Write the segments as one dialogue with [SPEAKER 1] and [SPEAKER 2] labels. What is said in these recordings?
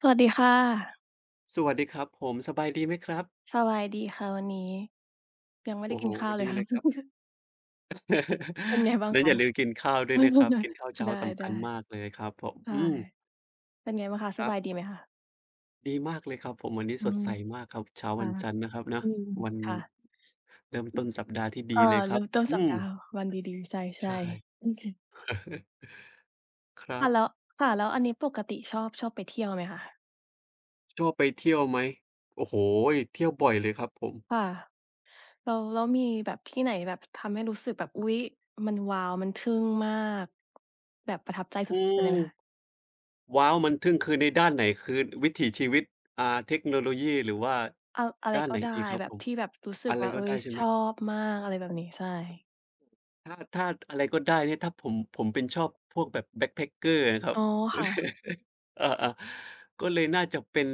[SPEAKER 1] สวัสดีค่ะ
[SPEAKER 2] สวัสดีครับผม สบายดีไหมครับ?
[SPEAKER 1] สบายดีค่ะวันนี้ ยังไม่ไ
[SPEAKER 2] โ
[SPEAKER 1] ด
[SPEAKER 2] อ
[SPEAKER 1] ้
[SPEAKER 2] ้
[SPEAKER 1] ก
[SPEAKER 2] โ
[SPEAKER 1] ิ
[SPEAKER 2] ฮ!
[SPEAKER 1] นข้าวเล
[SPEAKER 2] ด
[SPEAKER 1] ย
[SPEAKER 2] ี
[SPEAKER 1] ค
[SPEAKER 2] เ
[SPEAKER 1] ่
[SPEAKER 2] ล
[SPEAKER 1] ะ
[SPEAKER 2] ยครับ
[SPEAKER 1] เป็นไงบ้า
[SPEAKER 2] แ
[SPEAKER 1] ง
[SPEAKER 2] ล้ว
[SPEAKER 1] ค
[SPEAKER 2] อ
[SPEAKER 1] ะ?
[SPEAKER 2] ย่าลืมกินข้าวด้วยนะครับ กินข้าวเช้
[SPEAKER 1] ไ
[SPEAKER 2] า
[SPEAKER 1] ด้
[SPEAKER 2] ส
[SPEAKER 1] ๆ
[SPEAKER 2] ำ
[SPEAKER 1] ไ
[SPEAKER 2] ค
[SPEAKER 1] ด้
[SPEAKER 2] ัญมากเลยครับผม อืม
[SPEAKER 1] เป็นไงบ้างคะ ส
[SPEAKER 2] ครั
[SPEAKER 1] บ
[SPEAKER 2] บ
[SPEAKER 1] ายดีไหมคะ?
[SPEAKER 2] ดีมากเลยครับผม วันนี้
[SPEAKER 1] อื
[SPEAKER 2] สด
[SPEAKER 1] ม
[SPEAKER 2] ใสมากครับ เช้า
[SPEAKER 1] ค่
[SPEAKER 2] ว
[SPEAKER 1] ะ
[SPEAKER 2] ันจันทร์นะครับน
[SPEAKER 1] อ
[SPEAKER 2] ะ
[SPEAKER 1] ืม
[SPEAKER 2] วัน
[SPEAKER 1] ค่ะ
[SPEAKER 2] ส เริ่ม
[SPEAKER 1] อื
[SPEAKER 2] ต้
[SPEAKER 1] ม
[SPEAKER 2] นสัปดาห์ที่ด
[SPEAKER 1] เอ่อ
[SPEAKER 2] ีเลย
[SPEAKER 1] เ
[SPEAKER 2] ค
[SPEAKER 1] ร
[SPEAKER 2] ร
[SPEAKER 1] ิ
[SPEAKER 2] ั
[SPEAKER 1] ่
[SPEAKER 2] บ
[SPEAKER 1] มต้น
[SPEAKER 2] อื
[SPEAKER 1] สัปดาห
[SPEAKER 2] ม
[SPEAKER 1] ์ วันดี ๆ ใช
[SPEAKER 2] ใช
[SPEAKER 1] ่
[SPEAKER 2] ่
[SPEAKER 1] ๆ
[SPEAKER 2] ครั
[SPEAKER 1] ค่ะ
[SPEAKER 2] บ
[SPEAKER 1] แล้ว ค่ะ แล้วอันนี้ปกติ ชอบ ชอบไปเที่ยวไหมคะ?
[SPEAKER 2] ชอบไปเที่ยวไหม? โอ้โฮ! เที่ยวบ่อยเลยครับผม
[SPEAKER 1] ค่ะ แล้ว แล้วมีแบบที่ไหนแบบทำให้รู้สึกแบบ อุ๊ย! มันว้าว มันทึ่งมาก แบบประทับใจส
[SPEAKER 2] อ
[SPEAKER 1] ุ
[SPEAKER 2] ื
[SPEAKER 1] ด ๆ ไป
[SPEAKER 2] ม
[SPEAKER 1] เลยไหมคะ?
[SPEAKER 2] ว้าว! มันทึ่ง คือในด้านไหน คือวิถีชีวิต อ่า เทคโนโลยี หรือว่า
[SPEAKER 1] เอา อะไ
[SPEAKER 2] ด
[SPEAKER 1] ร
[SPEAKER 2] ้านไ
[SPEAKER 1] ก
[SPEAKER 2] ห
[SPEAKER 1] ็
[SPEAKER 2] น
[SPEAKER 1] ได้
[SPEAKER 2] ดีครับ
[SPEAKER 1] แบ
[SPEAKER 2] ผ
[SPEAKER 1] บ
[SPEAKER 2] ม
[SPEAKER 1] ที่แบบรู้สึ
[SPEAKER 2] อ
[SPEAKER 1] ก
[SPEAKER 2] ะไร
[SPEAKER 1] ว่า เ
[SPEAKER 2] ก
[SPEAKER 1] ฮ
[SPEAKER 2] ็
[SPEAKER 1] ้
[SPEAKER 2] ได้
[SPEAKER 1] ย
[SPEAKER 2] ใช่ไ
[SPEAKER 1] ช
[SPEAKER 2] หม?
[SPEAKER 1] อบมากอะไรแบบนี้ ใช่
[SPEAKER 2] ถ้า ถ้าอะไรก็ได้เนี่ย ถ้าผม ผมเป็น ชอบพวกแบบ backpacker อะครั
[SPEAKER 1] อ
[SPEAKER 2] บ
[SPEAKER 1] ๋อ ค่ะ
[SPEAKER 2] อา ๆ ก็เลยน่าจะเป็น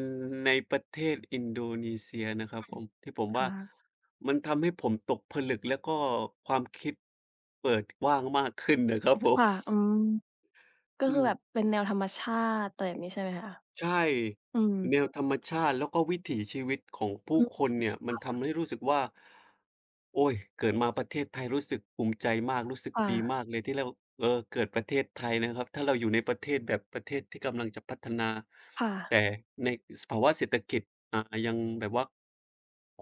[SPEAKER 2] ในประเทศอินโดนีเซียนะครั
[SPEAKER 1] อ
[SPEAKER 2] บ
[SPEAKER 1] ื
[SPEAKER 2] ผ
[SPEAKER 1] ม
[SPEAKER 2] ม ที่ผมว่
[SPEAKER 1] เ
[SPEAKER 2] า
[SPEAKER 1] หรอคะ?
[SPEAKER 2] มันทำให้ผมตกผลึก แล้วก็ความคิดเปิดกว้างมากขึ้น นะครับผ
[SPEAKER 1] ค
[SPEAKER 2] ม
[SPEAKER 1] ่ะ อืม ก็
[SPEAKER 2] อื
[SPEAKER 1] คือแบ
[SPEAKER 2] ม
[SPEAKER 1] บเป็นแนวธรรมชาติ อะไรแบบนี้ใช่ไหมคะ?
[SPEAKER 2] ใช่
[SPEAKER 1] อืม
[SPEAKER 2] แนวธรรมชาติ แล้วก็วิถีชีวิตของผ
[SPEAKER 1] อ
[SPEAKER 2] ู
[SPEAKER 1] ื
[SPEAKER 2] ้
[SPEAKER 1] ม
[SPEAKER 2] คนเนี่ย ม
[SPEAKER 1] ค
[SPEAKER 2] ัน
[SPEAKER 1] ่ะ
[SPEAKER 2] ทำให้รู้สึกว่า โอ๊ย เกิดมาประเทศไทยรู้สึกภูมิใจมาก รู้สึก
[SPEAKER 1] ค่
[SPEAKER 2] ดี
[SPEAKER 1] ะ
[SPEAKER 2] มากเลยที่เรา เออ เกิดประเทศไทยนะครับ ถ้าเราอยู่ในประเทศที่แบบประเทศที่กำลังจะพัฒนา
[SPEAKER 1] ค่
[SPEAKER 2] แ
[SPEAKER 1] ะ
[SPEAKER 2] ต่ในสภาวะเศรษฐกิจ อ่า ยังแบบว่า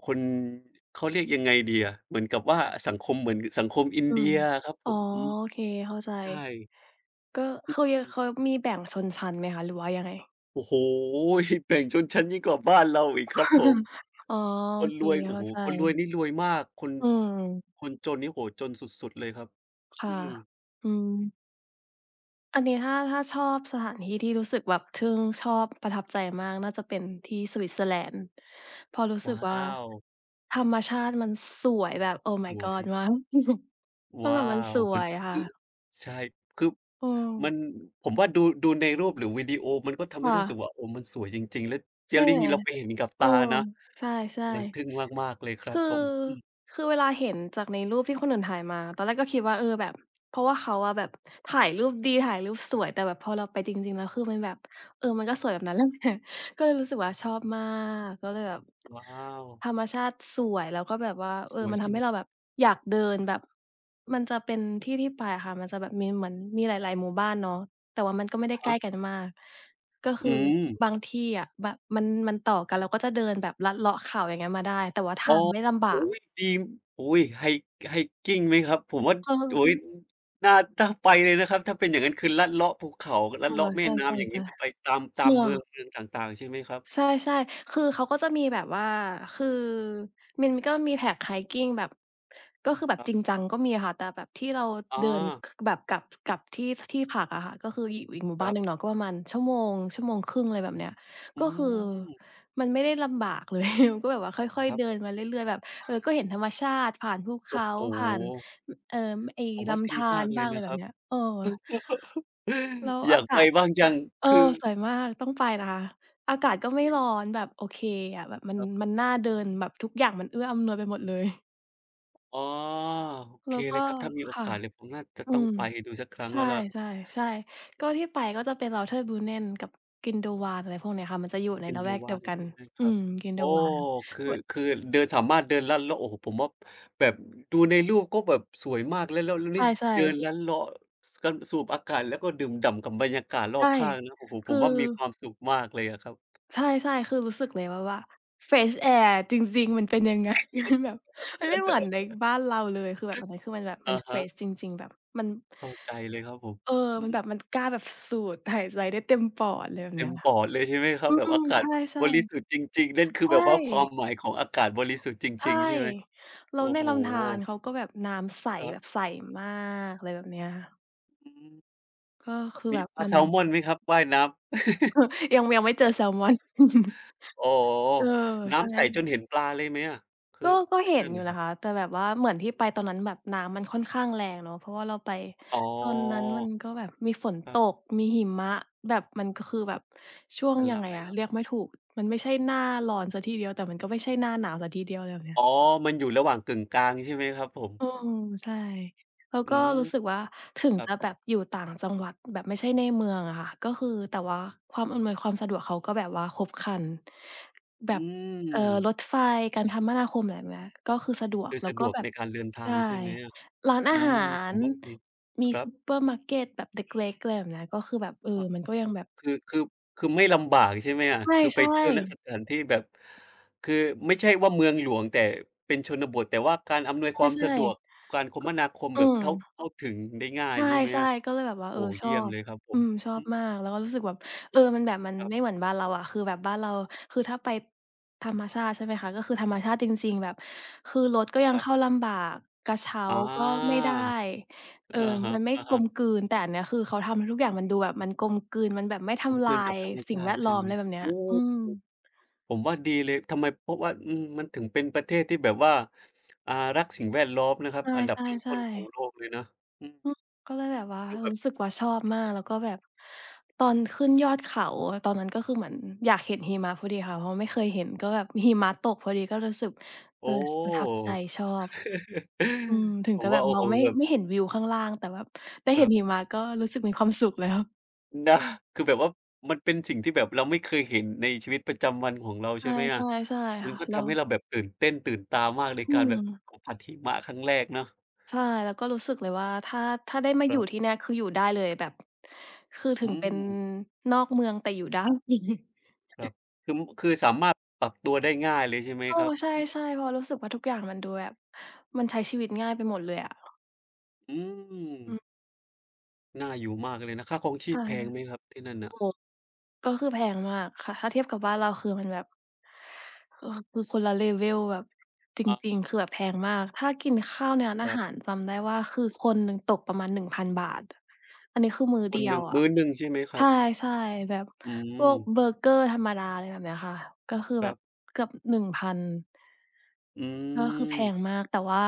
[SPEAKER 2] คน เขาเรียกยังไงดีอะ เหมือนกับว่า สังคมเหมือนสังคมอิ
[SPEAKER 1] อ
[SPEAKER 2] น
[SPEAKER 1] ื
[SPEAKER 2] เดี
[SPEAKER 1] ม
[SPEAKER 2] ยอะครับ
[SPEAKER 1] อ
[SPEAKER 2] ผ
[SPEAKER 1] ๋อ
[SPEAKER 2] ม อืม
[SPEAKER 1] โอเค เข้าใจ
[SPEAKER 2] ใช่
[SPEAKER 1] ก็
[SPEAKER 2] อ
[SPEAKER 1] คือ ย
[SPEAKER 2] ื
[SPEAKER 1] เ
[SPEAKER 2] ม
[SPEAKER 1] ขามีแบ่งชนชั้นไหมคะ หรือว่ายังไง?
[SPEAKER 2] โอ้โฮ! แบ่งชนชั้นยิ่งกว่าบ้านเราอีกครับผม
[SPEAKER 1] อ๋อ
[SPEAKER 2] ค
[SPEAKER 1] โอ
[SPEAKER 2] น
[SPEAKER 1] เค
[SPEAKER 2] รวย โอ
[SPEAKER 1] เข
[SPEAKER 2] ้
[SPEAKER 1] ้า
[SPEAKER 2] โฮ
[SPEAKER 1] ใ
[SPEAKER 2] คนรวย
[SPEAKER 1] จ
[SPEAKER 2] นี่รวยมาก คน
[SPEAKER 1] อืม
[SPEAKER 2] คนจนนี่ โอ้โฮ จนสุด ๆ เลยครับ
[SPEAKER 1] ค่
[SPEAKER 2] อ
[SPEAKER 1] ะ
[SPEAKER 2] ืม
[SPEAKER 1] อืม อันนี้ถ้า ถ้าชอบสถานที่ ที่รู้สึกแบบทึ่ง ชอบ ประทับใจมาก น่าจะเป็นที่ Switzerland เพราะรู้ส
[SPEAKER 2] ว
[SPEAKER 1] ึ
[SPEAKER 2] ้
[SPEAKER 1] ก
[SPEAKER 2] า
[SPEAKER 1] ว่า
[SPEAKER 2] ว!
[SPEAKER 1] ธรรมชาติมันสวยแบบ Oh my
[SPEAKER 2] ว
[SPEAKER 1] God
[SPEAKER 2] อย
[SPEAKER 1] มาก ก็
[SPEAKER 2] ว
[SPEAKER 1] แ
[SPEAKER 2] ้
[SPEAKER 1] บ
[SPEAKER 2] า
[SPEAKER 1] บมันส
[SPEAKER 2] ว
[SPEAKER 1] ว
[SPEAKER 2] มัน
[SPEAKER 1] ยค่
[SPEAKER 2] อือ
[SPEAKER 1] ะ
[SPEAKER 2] ใช่ คือ
[SPEAKER 1] อืม
[SPEAKER 2] มัน ผมว่าดู ดูในรูปหรือวิดีโอ มันก็ทำ
[SPEAKER 1] ค
[SPEAKER 2] ให้
[SPEAKER 1] ่
[SPEAKER 2] รู้สึ
[SPEAKER 1] ะ
[SPEAKER 2] กว่า โอ้ มันสวยจริง ๆ แล้ว
[SPEAKER 1] ใ
[SPEAKER 2] อ
[SPEAKER 1] ช
[SPEAKER 2] ย่า
[SPEAKER 1] ่
[SPEAKER 2] งนี้ที่เราไปเห็นนี่กับ
[SPEAKER 1] เ
[SPEAKER 2] ต
[SPEAKER 1] ออ
[SPEAKER 2] านะ
[SPEAKER 1] ใช่
[SPEAKER 2] มันทึ่งมาก ๆ เลยค
[SPEAKER 1] ๆ
[SPEAKER 2] ร
[SPEAKER 1] ค
[SPEAKER 2] ับ
[SPEAKER 1] ือ
[SPEAKER 2] ผม อืม
[SPEAKER 1] คือเวลาเห็นจากในรูปที่คนอื่นถ่ายมา ตอนแรกก็คิดว่า เออ แบบ เพราะว่าเขาอะแบบถ่ายรูปดี ถ่ายรูปสวย แต่แบบพอเราไปจริง ๆ แล้วคือมันแบบ เออ มันก็สวยแบบนั้น นั่นแหละ ก็เลยรู้สึกว่าชอบมาก ก็เลยแบบ
[SPEAKER 2] ว้าว
[SPEAKER 1] ธรรมชาติสวยแล้วก็แบบว่า เอ
[SPEAKER 2] ส
[SPEAKER 1] อ
[SPEAKER 2] วย
[SPEAKER 1] มัน
[SPEAKER 2] ใช
[SPEAKER 1] ท
[SPEAKER 2] ่
[SPEAKER 1] ำ
[SPEAKER 2] ไ
[SPEAKER 1] ให
[SPEAKER 2] ห
[SPEAKER 1] ้
[SPEAKER 2] ม?
[SPEAKER 1] เราแบบอยากเดินแบบ มันจะเป็นที่ ที่ไปอะค่ะ มันจะแบบมีเหมือน มีหลาย ๆ หมู่บ้านเนาะ แต่ว่ามันก็ไม่ได
[SPEAKER 2] อ
[SPEAKER 1] ้
[SPEAKER 2] ะ
[SPEAKER 1] ใก
[SPEAKER 2] ฮ
[SPEAKER 1] ล
[SPEAKER 2] ะ
[SPEAKER 1] ้กันมาก ก็ค
[SPEAKER 2] อื
[SPEAKER 1] ือ
[SPEAKER 2] ม
[SPEAKER 1] บางที่อะ แบบมัน มันต่อกัน เราก็จะเดินลัดเลาะเขาอย่างเงี้ยมาได้ แต่ว่าท
[SPEAKER 2] อ๋
[SPEAKER 1] า
[SPEAKER 2] อ
[SPEAKER 1] งไม่ลำบ
[SPEAKER 2] โ
[SPEAKER 1] า
[SPEAKER 2] อ้
[SPEAKER 1] ก
[SPEAKER 2] โฮ ดี โอ๊ย! hi hiking ไหมครับ ผมว่า
[SPEAKER 1] อื
[SPEAKER 2] โ
[SPEAKER 1] ม
[SPEAKER 2] อ้โฮ น่า น่าไปเลยนะครับ ถ้าเป็นอย่างงั้นคือลัดเลาะภูเขา ลั
[SPEAKER 1] ก
[SPEAKER 2] ด
[SPEAKER 1] ลั
[SPEAKER 2] เล
[SPEAKER 1] ว
[SPEAKER 2] าะแม
[SPEAKER 1] ใ
[SPEAKER 2] ่
[SPEAKER 1] ช่
[SPEAKER 2] น้ำ อย่
[SPEAKER 1] ๆ
[SPEAKER 2] างงี้ มันไปตาม ต
[SPEAKER 1] ๆ ก
[SPEAKER 2] า
[SPEAKER 1] ล
[SPEAKER 2] ม
[SPEAKER 1] ัว
[SPEAKER 2] เมือง เมืองต่างๆ ใช่ไหมครับ?
[SPEAKER 1] ใช่ ๆ คือเขาก็จะมีแบบว่า คือมันก็มี trek hiking แบบ ก็คือแบบ
[SPEAKER 2] ครับ
[SPEAKER 1] จริงจังก็มีค่ะ แต่แบบที่เรา
[SPEAKER 2] อ
[SPEAKER 1] เดิน
[SPEAKER 2] า
[SPEAKER 1] ค แบบกลับ กลับที่ ที่พักอะค่ะ ก็คืออยู่อีกหมู่
[SPEAKER 2] ค
[SPEAKER 1] บ้า
[SPEAKER 2] ร
[SPEAKER 1] น
[SPEAKER 2] ั
[SPEAKER 1] ห
[SPEAKER 2] บ
[SPEAKER 1] นึ่งเนาะ ก็ประมาณชั่วโมง ชั่วโมงครึ่ง อะไรแบบเนี้ย
[SPEAKER 2] อื
[SPEAKER 1] ก็คือ
[SPEAKER 2] ม
[SPEAKER 1] มันไม่ได้ลำบาก เลย ก็แบบว่าค่อย
[SPEAKER 2] คร
[SPEAKER 1] ๆ
[SPEAKER 2] ั
[SPEAKER 1] เ
[SPEAKER 2] บ
[SPEAKER 1] ดินมาเรื่อย ๆ แบบ เออ ก็เห็นธรรมชาติ ผ่านภูเข
[SPEAKER 2] โอ้
[SPEAKER 1] า
[SPEAKER 2] โ
[SPEAKER 1] ผ่าน
[SPEAKER 2] ฮ!
[SPEAKER 1] เอ่อ ไอ้
[SPEAKER 2] ผม
[SPEAKER 1] ล
[SPEAKER 2] ว่าด
[SPEAKER 1] ำธ
[SPEAKER 2] ี
[SPEAKER 1] า
[SPEAKER 2] มา
[SPEAKER 1] ร
[SPEAKER 2] กเ
[SPEAKER 1] บ
[SPEAKER 2] ล
[SPEAKER 1] ้าง
[SPEAKER 2] ย
[SPEAKER 1] อะไ
[SPEAKER 2] น
[SPEAKER 1] ร
[SPEAKER 2] ะ
[SPEAKER 1] แบ
[SPEAKER 2] ครั
[SPEAKER 1] บเ
[SPEAKER 2] บ
[SPEAKER 1] นี้ย เออ แล้ว
[SPEAKER 2] อย
[SPEAKER 1] อา
[SPEAKER 2] าก
[SPEAKER 1] ก
[SPEAKER 2] ไ
[SPEAKER 1] า
[SPEAKER 2] ป
[SPEAKER 1] ศ
[SPEAKER 2] บ้างจัง
[SPEAKER 1] เออ
[SPEAKER 2] คือ
[SPEAKER 1] สวยมากต้องไปนะคะ อากาศก็ไม่ร้อน แบบโอเคอะ แบบมัน
[SPEAKER 2] ครับ
[SPEAKER 1] มันน่าเดิน แบบทุกอย่างมันเอื้ออำนวยไปหมดเลย
[SPEAKER 2] อ๋อ โอ
[SPEAKER 1] แ
[SPEAKER 2] เ
[SPEAKER 1] ล
[SPEAKER 2] ค
[SPEAKER 1] ้วก
[SPEAKER 2] เล
[SPEAKER 1] ็
[SPEAKER 2] ยครับ ถ้ามีโอ
[SPEAKER 1] ค่ะ
[SPEAKER 2] กาสเลย ผมน่าจะ
[SPEAKER 1] อื
[SPEAKER 2] ต้อง
[SPEAKER 1] ม
[SPEAKER 2] ไปดูสักครั้
[SPEAKER 1] ใ
[SPEAKER 2] ง
[SPEAKER 1] ช
[SPEAKER 2] แล้วล่ะ
[SPEAKER 1] ่ ๆ ๆ ก็ที่ไป ก็จะเป็น Lauterbrunnen กับ Grindelwald อะไรพวกนี้ค่ะ มันจะอยู่ในละแวกเดียว
[SPEAKER 2] Grindelwald
[SPEAKER 1] กั
[SPEAKER 2] ใ
[SPEAKER 1] น
[SPEAKER 2] ช่ไหมค
[SPEAKER 1] อื
[SPEAKER 2] รับ
[SPEAKER 1] ม
[SPEAKER 2] โอ้
[SPEAKER 1] Grindelwald
[SPEAKER 2] คือ
[SPEAKER 1] แวะ
[SPEAKER 2] คือเดิน สามารถเดินลัดเลาะ โอ้โฮ ผมว่าแบบ อ ดูในรูปก็แบบสวยมาก แล้ว แล้ว แล้ว
[SPEAKER 1] ใ
[SPEAKER 2] นี่
[SPEAKER 1] ช่
[SPEAKER 2] เดิ
[SPEAKER 1] ๆ
[SPEAKER 2] นลัดเลาะ อ ส กัน สูบอากาศ แล้วก็ดื่มด่ำกับบรรยากาศร
[SPEAKER 1] ใช
[SPEAKER 2] อ
[SPEAKER 1] ่
[SPEAKER 2] บข้างนะ โอ้โฮ
[SPEAKER 1] ค
[SPEAKER 2] ผ
[SPEAKER 1] ือ
[SPEAKER 2] มว่ามีความสุขมากเลยอะครับ
[SPEAKER 1] ใช่ ๆ คือ รู้สึกเลยว่า ว่า fresh air อะ จริง ๆ มันเป็น ยังไง มันแบบ มันไม่เหมือนในบ้านเราเลย คือแบบ อันนั้นคือมันแบบ มั
[SPEAKER 2] อ
[SPEAKER 1] น
[SPEAKER 2] ะ
[SPEAKER 1] เฟ
[SPEAKER 2] ฮ
[SPEAKER 1] ร
[SPEAKER 2] ะ
[SPEAKER 1] ช จริง ๆ แบบมัน
[SPEAKER 2] เข้าใจเลยครับผม
[SPEAKER 1] เออ
[SPEAKER 2] อื
[SPEAKER 1] มัน
[SPEAKER 2] ม
[SPEAKER 1] แบบ มันกล้าแบบสูดหายใจได้เต็มปอด อะไรแบบ
[SPEAKER 2] เต
[SPEAKER 1] เน
[SPEAKER 2] ็
[SPEAKER 1] ี้
[SPEAKER 2] ม
[SPEAKER 1] ย
[SPEAKER 2] ปอดเลยใช่ไหมครั
[SPEAKER 1] อื
[SPEAKER 2] บ แบบ
[SPEAKER 1] ม
[SPEAKER 2] อากา
[SPEAKER 1] ใช
[SPEAKER 2] ศ
[SPEAKER 1] ่ ๆ
[SPEAKER 2] บริสุทธิ์จริง ๆ นั่นคื
[SPEAKER 1] ใ
[SPEAKER 2] อ
[SPEAKER 1] ช
[SPEAKER 2] แ
[SPEAKER 1] ่
[SPEAKER 2] บบว่าความหมายของอากาศบริสุทธิ์จ
[SPEAKER 1] ใช
[SPEAKER 2] ร
[SPEAKER 1] ่
[SPEAKER 2] ิง ๆ ใช่ไหม?
[SPEAKER 1] แ
[SPEAKER 2] โ
[SPEAKER 1] ล้
[SPEAKER 2] อ้
[SPEAKER 1] วใน
[SPEAKER 2] โฮ
[SPEAKER 1] ลำธารเขาก็แบบน้ำใส
[SPEAKER 2] ครั
[SPEAKER 1] แ
[SPEAKER 2] บ
[SPEAKER 1] บบใสมาก อะไรแบบเนี้ยค่ะ
[SPEAKER 2] อืม
[SPEAKER 1] ก็คือ
[SPEAKER 2] ม
[SPEAKER 1] แ
[SPEAKER 2] ี
[SPEAKER 1] บบ
[SPEAKER 2] ปลา
[SPEAKER 1] มั
[SPEAKER 2] แ
[SPEAKER 1] น
[SPEAKER 2] ซมอนไหมครับ ว่ายน้ำ
[SPEAKER 1] ยัง ยังไม่เจอแซมอน
[SPEAKER 2] อ๋อ
[SPEAKER 1] เออ
[SPEAKER 2] น
[SPEAKER 1] ใ
[SPEAKER 2] ้
[SPEAKER 1] ช่
[SPEAKER 2] ำใสจน
[SPEAKER 1] ล
[SPEAKER 2] เห็นปลาเลยไหมอะ คื
[SPEAKER 1] ก
[SPEAKER 2] อ
[SPEAKER 1] ็ ก็
[SPEAKER 2] ท
[SPEAKER 1] เห
[SPEAKER 2] ี่
[SPEAKER 1] ็
[SPEAKER 2] น
[SPEAKER 1] น
[SPEAKER 2] ั่น
[SPEAKER 1] อยู
[SPEAKER 2] น
[SPEAKER 1] ่
[SPEAKER 2] ่ะค
[SPEAKER 1] น
[SPEAKER 2] ร
[SPEAKER 1] ะ
[SPEAKER 2] ับ?
[SPEAKER 1] คะ แต่แบบว่าเหมือนที่ไปตอนนั้นแบบน้ำมันค่อนข้างแรงเนาะ เพราะว่าเราไป
[SPEAKER 2] อ๋อ
[SPEAKER 1] ตอนนั้นมันก็แบบมีฝน
[SPEAKER 2] ครั
[SPEAKER 1] ต
[SPEAKER 2] บ
[SPEAKER 1] ก มีหิมะ แบบ มันก็คือ แบบช่วง
[SPEAKER 2] มัน
[SPEAKER 1] ยั
[SPEAKER 2] ล
[SPEAKER 1] ง
[SPEAKER 2] า
[SPEAKER 1] ไง
[SPEAKER 2] ย
[SPEAKER 1] อ
[SPEAKER 2] แ
[SPEAKER 1] ะ
[SPEAKER 2] ล้ว
[SPEAKER 1] เรี
[SPEAKER 2] ค
[SPEAKER 1] ย
[SPEAKER 2] รั
[SPEAKER 1] ก
[SPEAKER 2] บ
[SPEAKER 1] ไม่ถูก มันไม่ใช่หน้าร้อนเสียทีเดียว แต่มันก็ไม่ใช่หน้าหนาวเสียทีเดียว ไรแบบเนี้
[SPEAKER 2] อ
[SPEAKER 1] ย
[SPEAKER 2] ๋อ มันอยู่ระหว่างกึ่งกลาง ใช่ไหมครับผม?
[SPEAKER 1] อืม ใช่ แล้ว
[SPEAKER 2] อ
[SPEAKER 1] ก
[SPEAKER 2] ื
[SPEAKER 1] ็
[SPEAKER 2] ม
[SPEAKER 1] รู้สึกว่า ถึง
[SPEAKER 2] ครั
[SPEAKER 1] จ
[SPEAKER 2] บ
[SPEAKER 1] ะแบบอยู่ต่างจังหวัด แบบไม่ใช่ในเมืองอะค่ะ ก็คือ แต่ว่าความอำนวยความสะดวกเขาก็แบบว่าครบครัน แบ
[SPEAKER 2] อื
[SPEAKER 1] บ เอ่อ
[SPEAKER 2] ม
[SPEAKER 1] รถไฟ การคมนาคม แบบเนี้ย ก็คือสะดว
[SPEAKER 2] ค
[SPEAKER 1] ก
[SPEAKER 2] ือ
[SPEAKER 1] แล้
[SPEAKER 2] ส
[SPEAKER 1] ว
[SPEAKER 2] ะ
[SPEAKER 1] ก
[SPEAKER 2] ด
[SPEAKER 1] ็
[SPEAKER 2] วก
[SPEAKER 1] แบ
[SPEAKER 2] ใ
[SPEAKER 1] บ
[SPEAKER 2] นการเดินท
[SPEAKER 1] ใช
[SPEAKER 2] า
[SPEAKER 1] ่
[SPEAKER 2] งใช่ไหมอะ
[SPEAKER 1] ร้านอ
[SPEAKER 2] อื
[SPEAKER 1] าหา
[SPEAKER 2] ม ผ
[SPEAKER 1] ร
[SPEAKER 2] มว่าดี
[SPEAKER 1] มี
[SPEAKER 2] ครั
[SPEAKER 1] ซู
[SPEAKER 2] บ
[SPEAKER 1] เปอร์มาร์เกตแบบ เล็ก ๆ อะไรแบบนี้ ก็คือแบบ เอ่
[SPEAKER 2] อ
[SPEAKER 1] อ
[SPEAKER 2] า
[SPEAKER 1] มันก็ยังแบบ
[SPEAKER 2] คือ คือ คือไม่ลำบากใช่ไหมอะ คือ
[SPEAKER 1] ใ
[SPEAKER 2] ไ
[SPEAKER 1] ช
[SPEAKER 2] ป
[SPEAKER 1] ่
[SPEAKER 2] เที่ยว ณ
[SPEAKER 1] ๆ
[SPEAKER 2] สถานที่แบบ คือไม่ใช่ว่า เมืองหลวง แต่เป็นชนบท แต่ว่าการอำนวยความ
[SPEAKER 1] ใช
[SPEAKER 2] ส
[SPEAKER 1] ่
[SPEAKER 2] ะดวก การค
[SPEAKER 1] ๆ คึ
[SPEAKER 2] มนาคม
[SPEAKER 1] อื
[SPEAKER 2] แบบเข้า
[SPEAKER 1] ม
[SPEAKER 2] เข้าถึงได้ง่า
[SPEAKER 1] ใ
[SPEAKER 2] ย ใช่ไหม
[SPEAKER 1] ช่
[SPEAKER 2] อะ
[SPEAKER 1] ๆ ก็เลยแบบว่า
[SPEAKER 2] โอ
[SPEAKER 1] เอ
[SPEAKER 2] ้
[SPEAKER 1] อ
[SPEAKER 2] โฮ
[SPEAKER 1] ช
[SPEAKER 2] เยี
[SPEAKER 1] อ
[SPEAKER 2] ่ยม
[SPEAKER 1] บ
[SPEAKER 2] เลยครับผ
[SPEAKER 1] อื
[SPEAKER 2] ม
[SPEAKER 1] ม ชอ
[SPEAKER 2] อื
[SPEAKER 1] บ
[SPEAKER 2] ม
[SPEAKER 1] มาก
[SPEAKER 2] อ
[SPEAKER 1] แล้วก็รู้สึกแบบ เออ มันแบบ มัน
[SPEAKER 2] ครับ
[SPEAKER 1] ไม่เหมือนบ้านเราอะ คือแบบบ้านเรา คือถ้าไปธรรมชาติใช่ไหมคะ ก็คือธรรมชาติจริง ๆ แบบ คือรถก็ยั
[SPEAKER 2] ค
[SPEAKER 1] ง
[SPEAKER 2] รั
[SPEAKER 1] เข
[SPEAKER 2] บ
[SPEAKER 1] ้าลำบาก กระเช้า
[SPEAKER 2] อา
[SPEAKER 1] ก็ไม่ได้ เอ่อ
[SPEAKER 2] อะฮ
[SPEAKER 1] มันไม่กล
[SPEAKER 2] ะ ๆ
[SPEAKER 1] มกลืน แต่อันเนี้ยคือเขาทำให้ทุกอย่างมันดูแบบ มันกลมกลืน มันแบบไม่ท
[SPEAKER 2] กลม
[SPEAKER 1] ำล
[SPEAKER 2] กล
[SPEAKER 1] า
[SPEAKER 2] ืนกับ
[SPEAKER 1] ย
[SPEAKER 2] ธรรม
[SPEAKER 1] สิ
[SPEAKER 2] ช
[SPEAKER 1] ่ง
[SPEAKER 2] า
[SPEAKER 1] แว
[SPEAKER 2] ติ
[SPEAKER 1] ด
[SPEAKER 2] ใ
[SPEAKER 1] ล
[SPEAKER 2] ช
[SPEAKER 1] ้
[SPEAKER 2] ่
[SPEAKER 1] อม
[SPEAKER 2] ไห
[SPEAKER 1] อ
[SPEAKER 2] ม
[SPEAKER 1] ะไรแบบเนี้
[SPEAKER 2] โอ
[SPEAKER 1] ย
[SPEAKER 2] ้โฮ
[SPEAKER 1] อืม
[SPEAKER 2] ผมว่าดีเลย ทำไม เพราะว่า อืม มันถึงเป็นประเทศที่แบบว่า อา รักสิ่งแวดล้อมนะครับ
[SPEAKER 1] ใ
[SPEAKER 2] อันดับต
[SPEAKER 1] ช่
[SPEAKER 2] ้น ๆ ของโ
[SPEAKER 1] ๆ ๆ
[SPEAKER 2] ลกเลยนะ อืม
[SPEAKER 1] อืม ก็เลยแบบว่า
[SPEAKER 2] คือแบ
[SPEAKER 1] ร
[SPEAKER 2] บ
[SPEAKER 1] ู้สึกว่าชอบมาก
[SPEAKER 2] [unintelligible]
[SPEAKER 1] แล้วก็แบบตอนขึ้นยอดเขา ตอนนั้นก็คือ เหมือนอยากเห็นหิมะพอดีค่ะ เพราะว่าไม่เคยเห็น ก็แบบหิมะตกพอดี ก็รู้สึก
[SPEAKER 2] โ
[SPEAKER 1] เ
[SPEAKER 2] อ
[SPEAKER 1] อ่อ
[SPEAKER 2] ้
[SPEAKER 1] ช ประทับใจ ชอบ อืม ถึง
[SPEAKER 2] ผ
[SPEAKER 1] จ
[SPEAKER 2] ม
[SPEAKER 1] ะ
[SPEAKER 2] ว
[SPEAKER 1] แบ
[SPEAKER 2] ่า
[SPEAKER 1] บ
[SPEAKER 2] โอ้
[SPEAKER 1] มอ
[SPEAKER 2] โฮ
[SPEAKER 1] งไม่
[SPEAKER 2] แบบ
[SPEAKER 1] ไม่เห็นวิวข้างล่าง แต่แบบได้
[SPEAKER 2] ค
[SPEAKER 1] เห
[SPEAKER 2] ร
[SPEAKER 1] ็น
[SPEAKER 2] ับ
[SPEAKER 1] หิมะก็รู้สึกมีความสุข แล้ว
[SPEAKER 2] นะ คือแบบว่ามันเป็นสิ่งที่แบบเราไม่เคยเห็นในชีวิตประจำวันของเรา
[SPEAKER 1] ใ
[SPEAKER 2] ใช่ไหมอะ
[SPEAKER 1] ช่ ๆ ๆ
[SPEAKER 2] มั
[SPEAKER 1] ค
[SPEAKER 2] น
[SPEAKER 1] ่ะ
[SPEAKER 2] ก็
[SPEAKER 1] เร
[SPEAKER 2] ทำให
[SPEAKER 1] า
[SPEAKER 2] ้เราแบบตื่นเต้นตื่นตามากใน
[SPEAKER 1] อื
[SPEAKER 2] การแบบ
[SPEAKER 1] ม
[SPEAKER 2] สัมผัสหิมะครั้งแรกเนาะ
[SPEAKER 1] ใช่ แล้วก็รู้สึกเลยว่า ถ้า ถ้าได้มา
[SPEAKER 2] ค
[SPEAKER 1] อย
[SPEAKER 2] ร
[SPEAKER 1] ู่
[SPEAKER 2] ับ
[SPEAKER 1] ที่เนี่ย คืออยู่ได้เลยแบบ คือถึ
[SPEAKER 2] อื
[SPEAKER 1] งเป็น
[SPEAKER 2] ม
[SPEAKER 1] นอกเมืองแต่อยู่ ได้
[SPEAKER 2] ครับ คือ ม คือสามารถปรับตัวได้ง่ายเลยใช่ไหม
[SPEAKER 1] เออ
[SPEAKER 2] ครับ?
[SPEAKER 1] ใ
[SPEAKER 2] อืม
[SPEAKER 1] ช่ ๆ เพราะรู้สึกว่า ทุกอย่างมันดูแบบ มันใช้ชีวิตง่ายไปหมดเลยอะ
[SPEAKER 2] อื
[SPEAKER 1] อื
[SPEAKER 2] ม
[SPEAKER 1] ม
[SPEAKER 2] น่าอยู่มากเลยนะ ค่าครองช
[SPEAKER 1] ใ
[SPEAKER 2] ี
[SPEAKER 1] ช
[SPEAKER 2] พ
[SPEAKER 1] ่
[SPEAKER 2] แพงไหมครับที่นั่นน่
[SPEAKER 1] โอ
[SPEAKER 2] ะ?
[SPEAKER 1] ้โฮ ก็คือแพงมากค่ะ ถ้าเทียบกับบ้านเราคือมันแบบ คือ คือคนละ level แบบ จ
[SPEAKER 2] อะ
[SPEAKER 1] ริง ๆ คือแบบแพงมาก ถ้ากินข้าวในร้าน
[SPEAKER 2] ค
[SPEAKER 1] อา
[SPEAKER 2] รั
[SPEAKER 1] ห
[SPEAKER 2] บ
[SPEAKER 1] ารจำได้ว่า คือคนหนึ่งตกประมาณ ฿1,000 อันนี้คือมื้อ
[SPEAKER 2] ค
[SPEAKER 1] เด
[SPEAKER 2] น
[SPEAKER 1] ี
[SPEAKER 2] ห
[SPEAKER 1] ย
[SPEAKER 2] นึ
[SPEAKER 1] ว
[SPEAKER 2] ่ง
[SPEAKER 1] อ
[SPEAKER 2] ม
[SPEAKER 1] ะ
[SPEAKER 2] ื้อหนึ่งใช่ไหมค
[SPEAKER 1] ใ
[SPEAKER 2] รับ?
[SPEAKER 1] ช่ ๆ แบบ
[SPEAKER 2] อื
[SPEAKER 1] พวก
[SPEAKER 2] ม
[SPEAKER 1] เบอร์เกอร์ธรรมดา อะไรแบบนี้ค่ะ ก็คือ
[SPEAKER 2] ค
[SPEAKER 1] แ
[SPEAKER 2] ร
[SPEAKER 1] บ
[SPEAKER 2] ั
[SPEAKER 1] บ
[SPEAKER 2] บ
[SPEAKER 1] เกือบ 1,000
[SPEAKER 2] อื
[SPEAKER 1] ก็คือแพ
[SPEAKER 2] ม
[SPEAKER 1] งมาก แต่ว่า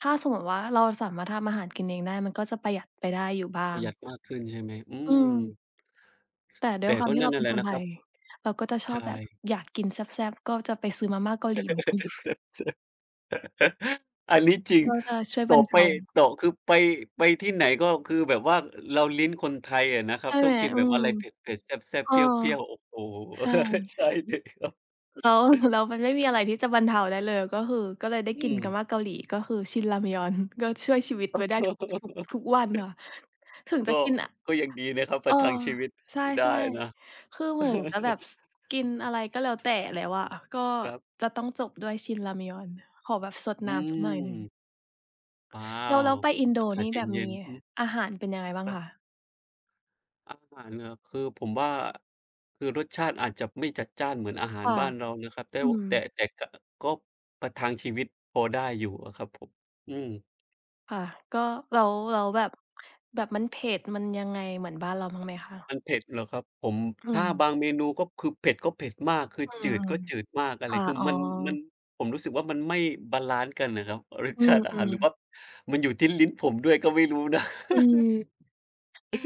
[SPEAKER 1] ถ้าสมมติว่า เราสามารถทำอาหารกินเองได้มันก็จะประหยัดไปได้อยู่บ้า
[SPEAKER 2] ปร
[SPEAKER 1] ง
[SPEAKER 2] ะหยัดมากขึ้นใช่ไหม? อื
[SPEAKER 1] อื
[SPEAKER 2] ม
[SPEAKER 1] ม แต่ด้
[SPEAKER 2] แต
[SPEAKER 1] วย
[SPEAKER 2] ่
[SPEAKER 1] ควา
[SPEAKER 2] ก
[SPEAKER 1] ม
[SPEAKER 2] ็
[SPEAKER 1] ที่
[SPEAKER 2] นั
[SPEAKER 1] เ
[SPEAKER 2] ่
[SPEAKER 1] รา
[SPEAKER 2] น
[SPEAKER 1] เ
[SPEAKER 2] น
[SPEAKER 1] ป
[SPEAKER 2] ั่
[SPEAKER 1] ็
[SPEAKER 2] น
[SPEAKER 1] น
[SPEAKER 2] แหล
[SPEAKER 1] ค
[SPEAKER 2] ะ
[SPEAKER 1] น
[SPEAKER 2] นะ
[SPEAKER 1] ไท
[SPEAKER 2] ครั
[SPEAKER 1] ย
[SPEAKER 2] บ
[SPEAKER 1] เราก็จะช
[SPEAKER 2] ใช
[SPEAKER 1] อบแบบ
[SPEAKER 2] ่
[SPEAKER 1] อยากกินแซ่บ ๆ ก็จะไปซื้อมาม่าเกาหลีมา กิน
[SPEAKER 2] อันนี้จริง
[SPEAKER 1] ก็จะช่วย
[SPEAKER 2] ต
[SPEAKER 1] บ
[SPEAKER 2] ่
[SPEAKER 1] ร
[SPEAKER 2] อ
[SPEAKER 1] รเ
[SPEAKER 2] ไ
[SPEAKER 1] ท
[SPEAKER 2] ป
[SPEAKER 1] า
[SPEAKER 2] ต่อคือไป ไปที่ไหน ก็คือแบบว่าเราลิ้นคนไทยอะนะครั
[SPEAKER 1] ใช
[SPEAKER 2] บ
[SPEAKER 1] ่
[SPEAKER 2] ต
[SPEAKER 1] ไ
[SPEAKER 2] ้อ
[SPEAKER 1] หม
[SPEAKER 2] งกิน
[SPEAKER 1] อื
[SPEAKER 2] แบบอ
[SPEAKER 1] ม
[SPEAKER 2] ะไรเผ็ด ๆ แซ่
[SPEAKER 1] เ
[SPEAKER 2] บ
[SPEAKER 1] อ
[SPEAKER 2] ๆ เ
[SPEAKER 1] อ
[SPEAKER 2] ปรี้ยว ๆ โอ้โฮ!
[SPEAKER 1] ใช่
[SPEAKER 2] ใช่เลยครับ
[SPEAKER 1] แล้ว แล้วมันไม่มีอะไรที่จะบรรเทาได้เลย ก็คือ ก็เลยได้
[SPEAKER 2] อื
[SPEAKER 1] กินมา
[SPEAKER 2] ม
[SPEAKER 1] ม่าเกาหลี ก็คือชินรามยอน ก็ช่วยชีวิตไว้ได้ทุก ทุก ทุกวันค่ะ ถึง
[SPEAKER 2] ก
[SPEAKER 1] จะ
[SPEAKER 2] ็
[SPEAKER 1] กิน อะ
[SPEAKER 2] ก็ยังดีนะครับ ป
[SPEAKER 1] เ
[SPEAKER 2] ร
[SPEAKER 1] ออ
[SPEAKER 2] ะทังชีวิต
[SPEAKER 1] ใช
[SPEAKER 2] ได้
[SPEAKER 1] ่
[SPEAKER 2] นะ
[SPEAKER 1] ๆ คือเหมือนจะแบบ ส กินอะไรก็แล้วแต่แล้วอะ ก็
[SPEAKER 2] ครับ
[SPEAKER 1] จะต้องจบด้วยชินรามยอนขอแบบซด
[SPEAKER 2] อื
[SPEAKER 1] น้ำซักหน่อยหนึ่ง
[SPEAKER 2] ม อ้า
[SPEAKER 1] แล้ว แล
[SPEAKER 2] ว
[SPEAKER 1] ้วไปอินโด
[SPEAKER 2] อากา
[SPEAKER 1] นี
[SPEAKER 2] ศ
[SPEAKER 1] ่
[SPEAKER 2] เ
[SPEAKER 1] แบบ
[SPEAKER 2] ย
[SPEAKER 1] ม
[SPEAKER 2] ็
[SPEAKER 1] ี
[SPEAKER 2] น ๆ อือ
[SPEAKER 1] อาหารเป็นยังไงบ้าง
[SPEAKER 2] ครั
[SPEAKER 1] ค
[SPEAKER 2] บ
[SPEAKER 1] ะ?
[SPEAKER 2] อาหารเหรอ คือผมว่า คือรสชาติอาจจะไม่จัดจ้านเหมือนอาหา
[SPEAKER 1] ค
[SPEAKER 2] ร
[SPEAKER 1] ่ะ
[SPEAKER 2] บ้านเรานะครับ แต่
[SPEAKER 1] อื
[SPEAKER 2] ว แต่
[SPEAKER 1] ม
[SPEAKER 2] แต่ ก ก็ประทังชีวิตพอได้อยู่อะครับผม อืม
[SPEAKER 1] ค่ะ ก็แล้ว แล้วแบบ แบบมันเผ็ด มันยังไง เหมือนบ้านเราบ้างไหมค
[SPEAKER 2] ม
[SPEAKER 1] ะ?
[SPEAKER 2] ันเผ็ดเหรอครับผม?
[SPEAKER 1] อื
[SPEAKER 2] ถ้า
[SPEAKER 1] ม
[SPEAKER 2] บางเมนูก็คือ เผ็ดก็เผ็ดมาก คือ
[SPEAKER 1] อื
[SPEAKER 2] จื
[SPEAKER 1] ม
[SPEAKER 2] ดก็จืดมาก อะ
[SPEAKER 1] ค
[SPEAKER 2] ไร
[SPEAKER 1] ่ะ
[SPEAKER 2] คือ
[SPEAKER 1] อ๋อ
[SPEAKER 2] มัน มัน ผมรู้สึกว่า มันไม่บาลันซ์กันน่ะครับ รส
[SPEAKER 1] อื
[SPEAKER 2] ชาติอาหาร
[SPEAKER 1] ม
[SPEAKER 2] หรือ
[SPEAKER 1] ๆ
[SPEAKER 2] ว่ามันอยู่ที่ลิ้นผมด้วย ก็ไม่รู้นะ
[SPEAKER 1] คือ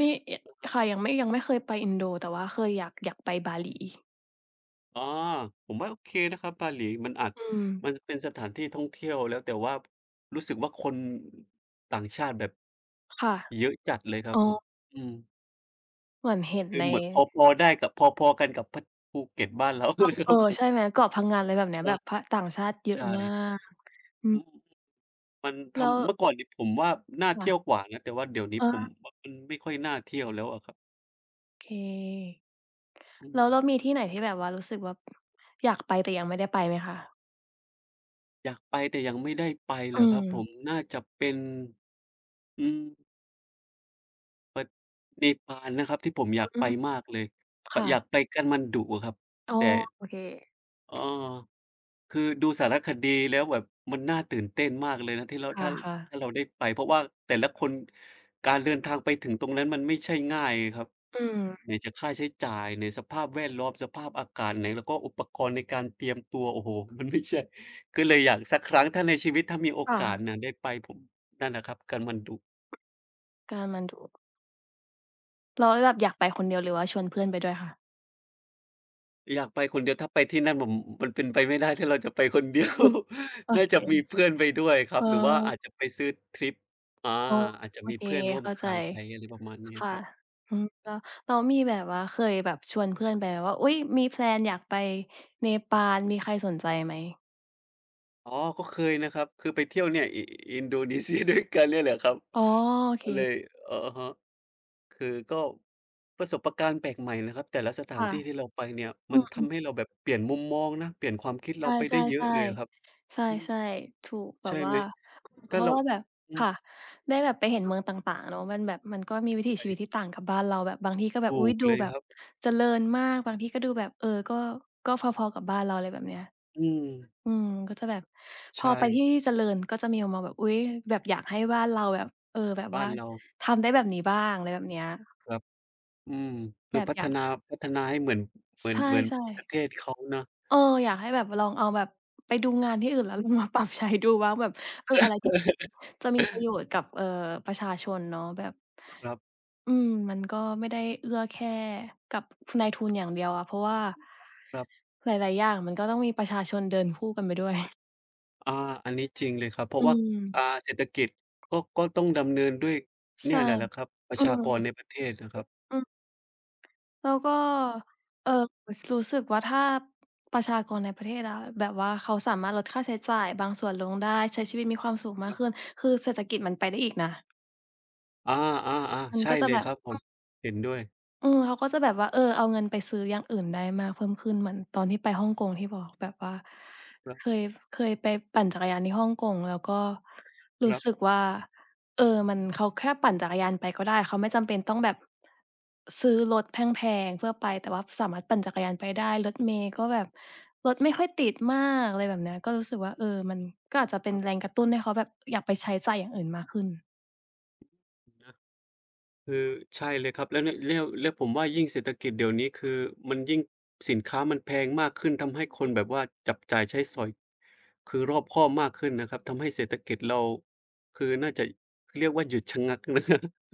[SPEAKER 1] มี ย
[SPEAKER 2] เหรอครับ
[SPEAKER 1] ค่ะ ยังไม่ ยังไม่เคยไปอินโด แต่ว่าเคยอยาก อยากไปบา
[SPEAKER 2] ครั
[SPEAKER 1] ห
[SPEAKER 2] บ
[SPEAKER 1] ลี
[SPEAKER 2] อ๋อ ผมว่าโอเคนะครับ บาหลี มันอาจ
[SPEAKER 1] อืม
[SPEAKER 2] มันจะเป็นสถานที่ท่องเที่ยวแล้ว แต่ว่ารู้สึกว่า คนต่างชาติแบบ
[SPEAKER 1] ค่ะ
[SPEAKER 2] เยอะจัดเลยครั
[SPEAKER 1] อ
[SPEAKER 2] บ
[SPEAKER 1] ๋
[SPEAKER 2] ผม
[SPEAKER 1] อ
[SPEAKER 2] อืม
[SPEAKER 1] เหมือนเห็น
[SPEAKER 2] คื
[SPEAKER 1] ใ
[SPEAKER 2] อ
[SPEAKER 1] น
[SPEAKER 2] เหมือนพอ ๆ ได้กับ พอ ๆ กันกับพัด ภูเก็ตบ้านเรา
[SPEAKER 1] อ้อ
[SPEAKER 2] เลยค
[SPEAKER 1] เอ
[SPEAKER 2] ร
[SPEAKER 1] อ
[SPEAKER 2] ับผ
[SPEAKER 1] ใช
[SPEAKER 2] ม
[SPEAKER 1] ่ไหม เกาะพงัน อะไรแบบเนี้ย
[SPEAKER 2] เอ
[SPEAKER 1] แ
[SPEAKER 2] อ
[SPEAKER 1] บบ พ ต่างชาติเยอ
[SPEAKER 2] ใช
[SPEAKER 1] ะมา
[SPEAKER 2] ่
[SPEAKER 1] ก อื
[SPEAKER 2] อื
[SPEAKER 1] ม
[SPEAKER 2] ม มันท
[SPEAKER 1] แล้ว
[SPEAKER 2] ำ เมื่อก่อนเนี่ยผมว่า น่า
[SPEAKER 1] ค
[SPEAKER 2] เท
[SPEAKER 1] ่
[SPEAKER 2] ี
[SPEAKER 1] ะ
[SPEAKER 2] ่ยวกว่านะ แต่ว่าเดี๋ยวนี้
[SPEAKER 1] อ๋อ
[SPEAKER 2] ผมว่า มันไม่ค่อยน่าเที่ยวแล้วอะครับ
[SPEAKER 1] เค
[SPEAKER 2] อื
[SPEAKER 1] แล้วเร
[SPEAKER 2] ม
[SPEAKER 1] ามีที่ไหนที่ แบบว่ารู้สึกแบบอยากไป แต่ยังไม่ได้ ไปไหมคะ?
[SPEAKER 2] อยากไปแต่ยังไม่ได้ไปเ
[SPEAKER 1] อ
[SPEAKER 2] หรอครับผ
[SPEAKER 1] ืม
[SPEAKER 2] ม น่าจะเป็น อืม ป เนปาลนะครับ ที่ผมอย
[SPEAKER 1] อ
[SPEAKER 2] าก
[SPEAKER 1] อื
[SPEAKER 2] ไป
[SPEAKER 1] อ
[SPEAKER 2] มากเลย ป
[SPEAKER 1] ค่
[SPEAKER 2] อย
[SPEAKER 1] ะ
[SPEAKER 2] ากไปกาฐมาณฑุอะครับ
[SPEAKER 1] อ๋อ
[SPEAKER 2] แต่
[SPEAKER 1] โอเค
[SPEAKER 2] อ้อ คือดูสารคดีแล้วแบบมันน่าตื่นเต้นมากเลยนะ ที่เรา
[SPEAKER 1] ค
[SPEAKER 2] ถ้า ร
[SPEAKER 1] ่ะ ๆ
[SPEAKER 2] ถ้าเราได้ไป เพราะว่าแต่ละคน การเดินทางไปถึงตรงนั้นมันไม่ใช่ง่ายไงครับ
[SPEAKER 1] อืม
[SPEAKER 2] ไหนจะค่าใช้จ่าย ไหนสภาพแวดล้อม สภาพอากาศ ไหนแล้วก็อุปกรณ์ในการเตรียมตัว โอ้โฮ มัน ไม่ใช่ ก็เลยอยากสักครั้ง ถ้าในชีวิต ถ้ามีโอ
[SPEAKER 1] ค่
[SPEAKER 2] กาส
[SPEAKER 1] ะ
[SPEAKER 2] น่ะได้ไป ผม นั่นแหละครับ กาฐมาณฑุ
[SPEAKER 1] กาฐมาณฑุ แล้วหลับ อยากไปคนเดียว หรือว่าชวนเพื่อนไปด้วยคะ?
[SPEAKER 2] อยากไปคนเดียวถ้าไปที่นั่น ผม ม มันเป็นไปไม่ได้ถ้าเราจะไปคน เดียว
[SPEAKER 1] มุด โอ
[SPEAKER 2] น่า
[SPEAKER 1] เค
[SPEAKER 2] จะมีเพื่อนไปด้วยครั
[SPEAKER 1] อ๋
[SPEAKER 2] บ หรือว่าอ
[SPEAKER 1] อ
[SPEAKER 2] าจจะไปซื้อทริป อา
[SPEAKER 1] อ๋อ
[SPEAKER 2] อาจจะ
[SPEAKER 1] โอ
[SPEAKER 2] มี
[SPEAKER 1] เค
[SPEAKER 2] เพื่อนร่ว
[SPEAKER 1] เ
[SPEAKER 2] ม
[SPEAKER 1] ข้า
[SPEAKER 2] ท
[SPEAKER 1] ใจ
[SPEAKER 2] างไป อะไรประมาณเนี้ย
[SPEAKER 1] ค
[SPEAKER 2] อ
[SPEAKER 1] ่
[SPEAKER 2] ะ
[SPEAKER 1] ะ
[SPEAKER 2] ครับ
[SPEAKER 1] อืม แล้ว แล้วมีแบบว่า เคยแบบชวนเพื่อนไปไหม ว่า อุ๊ย! มี แพลน อยากไปเนปาล มีใครสนใจไหม?
[SPEAKER 2] อ๋อ ก็เคยนะครับ คือไปเที่ยวเนี่ย อิ อินโดนีเซียด้วยกัน เนี่ยแหละครับ
[SPEAKER 1] อ๋อ โอเ
[SPEAKER 2] ก็เล
[SPEAKER 1] ค
[SPEAKER 2] ย อะฮะ คือก็ประสบการณ์แปลกใหม่นะครับ แต่ละสถา
[SPEAKER 1] ค่
[SPEAKER 2] น
[SPEAKER 1] ะ
[SPEAKER 2] ที่ ที่เราไปเนี่ย
[SPEAKER 1] อ
[SPEAKER 2] ม
[SPEAKER 1] ื
[SPEAKER 2] ันท
[SPEAKER 1] ม ๆ
[SPEAKER 2] ำให้เราแบบเปลี่ยนมุมมองนะ เปลี่ยนความคิด
[SPEAKER 1] ใ
[SPEAKER 2] เ
[SPEAKER 1] ช
[SPEAKER 2] ราไปได้เยอะ
[SPEAKER 1] ่
[SPEAKER 2] เลยอะครับ
[SPEAKER 1] ๆ ๆ ใช
[SPEAKER 2] อืม
[SPEAKER 1] ่ ๆ ถูกแบ
[SPEAKER 2] ใช่
[SPEAKER 1] บว่
[SPEAKER 2] ไหม?
[SPEAKER 1] า
[SPEAKER 2] ถ
[SPEAKER 1] เพ
[SPEAKER 2] ้า
[SPEAKER 1] รา
[SPEAKER 2] เ
[SPEAKER 1] ะ
[SPEAKER 2] รา
[SPEAKER 1] ว่าแบบ
[SPEAKER 2] อื
[SPEAKER 1] ค
[SPEAKER 2] ม
[SPEAKER 1] ่ะ ได้แบบไปเห็นเมืองต่าง ๆ เนาะ มันแบบ มันก็มีวิถีชีวิตที่ต่างกับบ้านเรา แบบบางทีก็แบ
[SPEAKER 2] ถ
[SPEAKER 1] บ อุ
[SPEAKER 2] ู
[SPEAKER 1] ๊ย
[SPEAKER 2] ก
[SPEAKER 1] ดู
[SPEAKER 2] เลย
[SPEAKER 1] แบ
[SPEAKER 2] ค
[SPEAKER 1] บ
[SPEAKER 2] รับ
[SPEAKER 1] เจริญมาก บางทีก็ดูแบบ เอ่อ ก็ ก็พอ ๆ กับบ้านเรา ไรแบบเนี้ย
[SPEAKER 2] อืม
[SPEAKER 1] อืม ก็จะแบบพ
[SPEAKER 2] ใช
[SPEAKER 1] อไปท
[SPEAKER 2] ่
[SPEAKER 1] ี่ที่เจริญ ก็จะมีมุมมองแบบ อุ๊ย แบบอยากให้บ้านเราแบบ เอ่อ แบบ
[SPEAKER 2] บ้
[SPEAKER 1] ว่
[SPEAKER 2] า
[SPEAKER 1] า
[SPEAKER 2] นเรา
[SPEAKER 1] ทำได้แบบนี้บ้าง อะไรแบบเนี้ย
[SPEAKER 2] ครับ อืม ค
[SPEAKER 1] แบ
[SPEAKER 2] ือ
[SPEAKER 1] บ
[SPEAKER 2] พั
[SPEAKER 1] อย
[SPEAKER 2] ฒ
[SPEAKER 1] าก
[SPEAKER 2] นา พัฒนาให้เหมือน เหมื
[SPEAKER 1] ใ
[SPEAKER 2] อ
[SPEAKER 1] ช
[SPEAKER 2] น
[SPEAKER 1] ่
[SPEAKER 2] เหมือนประ
[SPEAKER 1] ๆ
[SPEAKER 2] เทศเขาเนาะ
[SPEAKER 1] เออ อยากให้แบบลองเอาแบบ ไปดูงานที่อื่น แล้วลอง มาปรับใช้ดูว่า แบบ เอ่อ อะไรที่จะมีประโยชน์กับ เอ่อ ประชาชนเนาะ แบบ
[SPEAKER 2] ครับ
[SPEAKER 1] อืม มันก็ไม่ได้เอื้อแค่กับนายทุนอย่างเดียวอะ เพราะว่า
[SPEAKER 2] ครับ
[SPEAKER 1] หลาย ๆ อย่างมันก็ต้องมีประชาชนเดินคู่กันไปด้วย
[SPEAKER 2] อ่า อันนี้จริงเลยครับ เพร
[SPEAKER 1] อ
[SPEAKER 2] าะ
[SPEAKER 1] ื
[SPEAKER 2] ว่า อ่
[SPEAKER 1] ม
[SPEAKER 2] า เศรษฐกิจก็ ก็ต้องดำเนินด้วยเ
[SPEAKER 1] ใ
[SPEAKER 2] น
[SPEAKER 1] ช
[SPEAKER 2] ี่
[SPEAKER 1] ่
[SPEAKER 2] ยแหละ แหละครับ ปร
[SPEAKER 1] อ
[SPEAKER 2] ะ
[SPEAKER 1] ื
[SPEAKER 2] ชากร
[SPEAKER 1] ม
[SPEAKER 2] ในประเทศนะครับ
[SPEAKER 1] อืม แล้วก็ เอ่อ ส รู้สึกว่าถ้าประชากรในประเทศอะ แบบว่าเขาสามารถลดค่าใช้จ่ายบางส่วนลงได้ ใช้ชีวิตมีความสุขมา
[SPEAKER 2] ค
[SPEAKER 1] ก
[SPEAKER 2] รับ
[SPEAKER 1] ขึ้น คือเศรษฐกิจมันไปได้อีกนะ
[SPEAKER 2] อา
[SPEAKER 1] ม
[SPEAKER 2] ๆ
[SPEAKER 1] ัน
[SPEAKER 2] ๆ ใช่
[SPEAKER 1] ก็จะ
[SPEAKER 2] เล
[SPEAKER 1] แ
[SPEAKER 2] ย
[SPEAKER 1] บบ
[SPEAKER 2] ครับผ
[SPEAKER 1] อื
[SPEAKER 2] ม
[SPEAKER 1] ม
[SPEAKER 2] เห็นด้วย
[SPEAKER 1] อืม เขาก็จะแบบว่า เออ เอาเงินไปซื้ออย่างอื่นได้มากเพิ่มขึ้น เหมือนตอนที่ไปฮ่องกงที่บอกแบบว่า
[SPEAKER 2] ครับ
[SPEAKER 1] เคย เคยไปปั่นจักรยานที่ฮ่องกง แล้วก็ร
[SPEAKER 2] ค
[SPEAKER 1] ู้
[SPEAKER 2] รับ
[SPEAKER 1] สึกว่า เออ มัน เขาแค่ปั่นจักรยานไปก็ได้ เขาไม่จำเป็นต้องแบบซื้อรถแพง ๆ เพื่อไป แต่ว่าสามารถปั่นจักรยานไปได้ รถเมล์ก็แบบ รถไม่ค่อยติดมาก อะไรแบบเนี้ย ก็รู้สึกว่า เออ มันก็อาจจะเป
[SPEAKER 2] ค
[SPEAKER 1] ็น
[SPEAKER 2] รับ
[SPEAKER 1] แรงกระตุ้นให้เขาแบบอยากไปใช้จ่ายอย่างอื่นมากขึ้น
[SPEAKER 2] จริงนะ คือใช่เลยครับ แล้วเนี่ย แล้ว แล้วผมว่ายิ่งเศรษฐกิจเดี๋ยวนี้ คือมันยิ่ง สินค้ามันแพงมากขึ้น ทำให้ค
[SPEAKER 1] อ
[SPEAKER 2] น
[SPEAKER 1] ืม
[SPEAKER 2] แบบว่าจับจ่ายใช้สอย คือรอบคอบมากขึ้นนะครับ ทำให้เศรษฐกิจเรา คือน่าจะเรียกว่าหยุดชะงัก นะ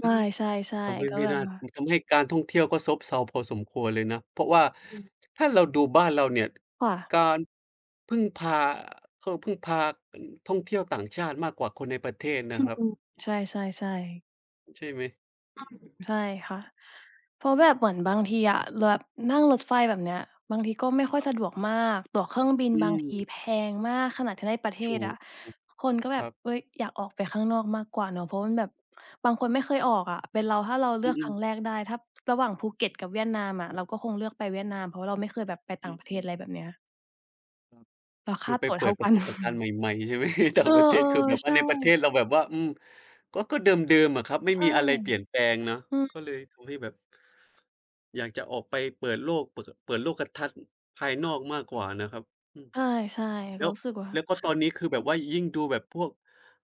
[SPEAKER 1] ไม่ ใช่
[SPEAKER 2] ทำให้
[SPEAKER 1] ๆ ก็
[SPEAKER 2] ไม่
[SPEAKER 1] แบ
[SPEAKER 2] น
[SPEAKER 1] บ
[SPEAKER 2] ่า
[SPEAKER 1] ว่า
[SPEAKER 2] ทำให้การท่องเที่ยวก็ซบเซาพอสมควรเลยนะ เพราะว่า
[SPEAKER 1] อืม
[SPEAKER 2] ถ้าเราดูบ้านเราเนี่ย
[SPEAKER 1] ค่ะ
[SPEAKER 2] การ พึ่งพา เขาพึ่งพา ท่องเที่ยวต่างชาติมากกว่าคนในประเทศน
[SPEAKER 1] อ
[SPEAKER 2] ะ
[SPEAKER 1] ื
[SPEAKER 2] ครับ
[SPEAKER 1] ม ใช่ ๆ ๆ
[SPEAKER 2] ใช่ไหม?
[SPEAKER 1] ใช่ค่ะ เพราะแบบเหมือนบางทีอะ ล แบบนั่งรถไฟแบบเนี้ย บางทีก็ไม่ค่อย
[SPEAKER 2] ครับ
[SPEAKER 1] สะดวกมาก ตั๋วเครื่องบิน
[SPEAKER 2] อื
[SPEAKER 1] บางที
[SPEAKER 2] ม
[SPEAKER 1] แพงมากขนาดที่ในประเท
[SPEAKER 2] ชู
[SPEAKER 1] ศ
[SPEAKER 2] อ
[SPEAKER 1] อะ คนก็แบ
[SPEAKER 2] คร
[SPEAKER 1] บ
[SPEAKER 2] ับ
[SPEAKER 1] เฮ้ย อยากออกไปข้างนอกมากกว่าเนาะ เพราะมันแบบบางคนไม่เคยออกอะ เป็นเราถ้าเราเ
[SPEAKER 2] อ
[SPEAKER 1] ลือกค
[SPEAKER 2] ื
[SPEAKER 1] รั
[SPEAKER 2] อ
[SPEAKER 1] ้ง
[SPEAKER 2] ๆ
[SPEAKER 1] แรกได้ ถ้าระหว่างภูเก็ตกับเวียดนามอะ เราก็คงเลือกไปเวียดนาม เพราะว่า เราไม่เคยแบบไปต
[SPEAKER 2] อ
[SPEAKER 1] ่า
[SPEAKER 2] ื
[SPEAKER 1] งประเทศ
[SPEAKER 2] อ
[SPEAKER 1] อ
[SPEAKER 2] ๆ
[SPEAKER 1] ะไรแบบเนี้ย
[SPEAKER 2] อืม
[SPEAKER 1] แล้วค
[SPEAKER 2] ค
[SPEAKER 1] ่
[SPEAKER 2] ื
[SPEAKER 1] า
[SPEAKER 2] อ ไป
[SPEAKER 1] ตั๋ว
[SPEAKER 2] เป
[SPEAKER 1] เท
[SPEAKER 2] ิ
[SPEAKER 1] ่า
[SPEAKER 2] ดป
[SPEAKER 1] ก
[SPEAKER 2] ร
[SPEAKER 1] ั
[SPEAKER 2] ะ
[SPEAKER 1] น
[SPEAKER 2] สบประการณ์ใหม่ ๆ ใช่ไหม? ต่
[SPEAKER 1] เ
[SPEAKER 2] า
[SPEAKER 1] อ
[SPEAKER 2] ง
[SPEAKER 1] อ
[SPEAKER 2] ประเทศ คือแบบ
[SPEAKER 1] ๆ ใ
[SPEAKER 2] ว
[SPEAKER 1] ช
[SPEAKER 2] ่า
[SPEAKER 1] ่
[SPEAKER 2] ในประเทศเราแบบว่า อืม ก็ ก็เดิม ๆ อะครับ ไม่
[SPEAKER 1] ใช่
[SPEAKER 2] มีอะไรเปลี่ยนแปลงเนาะ
[SPEAKER 1] อื
[SPEAKER 2] ก
[SPEAKER 1] ม
[SPEAKER 2] ็เลยทำให้แบบ อยากจะออกไปเปิดโลก เปิด ก เปิดโลกทัศน์ ภายนอกมากกว่านะครับ อืม
[SPEAKER 1] ใช่ ๆ เ
[SPEAKER 2] แ
[SPEAKER 1] ร
[SPEAKER 2] ล้
[SPEAKER 1] า
[SPEAKER 2] ว
[SPEAKER 1] รู้สึกว่
[SPEAKER 2] แล้
[SPEAKER 1] า
[SPEAKER 2] วก็ตอนนี้ คือแบบว่ายิ่งดูแบบพวก